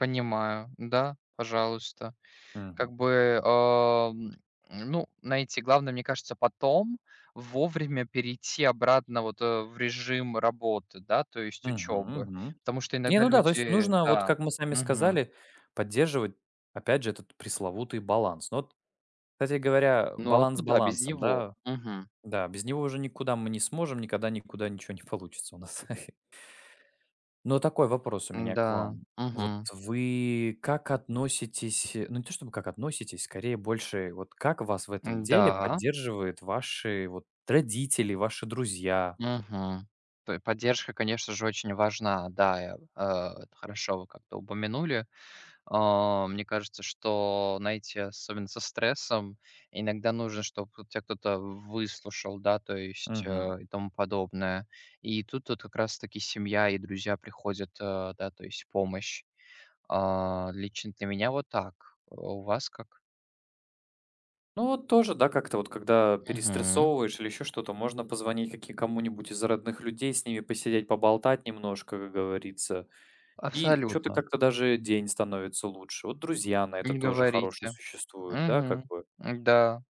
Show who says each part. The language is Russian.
Speaker 1: Понимаю, да, пожалуйста. Как
Speaker 2: Мгм.
Speaker 1: бы, а, м, ну, знаете, главное, мне кажется, потом вовремя перейти обратно вот, э, в режим работы, да, то есть
Speaker 2: Мгм
Speaker 1: учёбы,
Speaker 2: мгм.
Speaker 1: потому что
Speaker 2: Не
Speaker 1: иногда
Speaker 2: ну да, то есть
Speaker 1: люди
Speaker 2: нужно, вот
Speaker 1: Да,
Speaker 2: как мы с вами
Speaker 1: мгм.
Speaker 2: сказали, поддерживать опять же этот пресловутый баланс, но вот Кстати говоря,
Speaker 1: Ну а
Speaker 2: баланс
Speaker 1: куда без
Speaker 2: балансом,
Speaker 1: него?
Speaker 2: да.
Speaker 1: Мгм.
Speaker 2: Да, без него уже никуда мы не сможем, никогда никуда ничё не получится у нас. Но такой вопрос у меня к
Speaker 1: М-да.
Speaker 2: вам: вот
Speaker 1: Мгм.
Speaker 2: вы, как относитесь, э, ну не то чтобы как относитесь- скорее больше, вот как вас в этом деле
Speaker 1: М-да.
Speaker 2: поддерживают ваши вот родители, ваши друзья?
Speaker 1: Мгм. Той поддержка, конечно же, очень важна. Да, я, э, это хорошо вы как-то упомянули. А, мне кажется, что, знаете, особенно со стрессом, иногда нужно, чтоб тут тя кто-то в выслушал, да, то есть,
Speaker 2: Мгм.
Speaker 1: э, и тому подобное. И тут вот как раз таки семья и друзья приходят, э, да, то есть в помощь. А, лично для меня вот так. А у вас как?
Speaker 2: Ну вот тоже, да, как-то, вот, когда
Speaker 1: Мгм.
Speaker 2: перестрессовываешь или ещё что-то, можно позвонить каки кому-нибудь из родных людей, с ними посидеть, поболтать немножко, как говорится. И чё-то
Speaker 1: Абсолютно.
Speaker 2: как-то даже день становится лучше. Вот друзья на
Speaker 1: И
Speaker 2: это
Speaker 1: не
Speaker 2: тоже хорошие
Speaker 1: говорите,
Speaker 2: существуют, да как
Speaker 1: мгм,
Speaker 2: бы.
Speaker 1: м-да.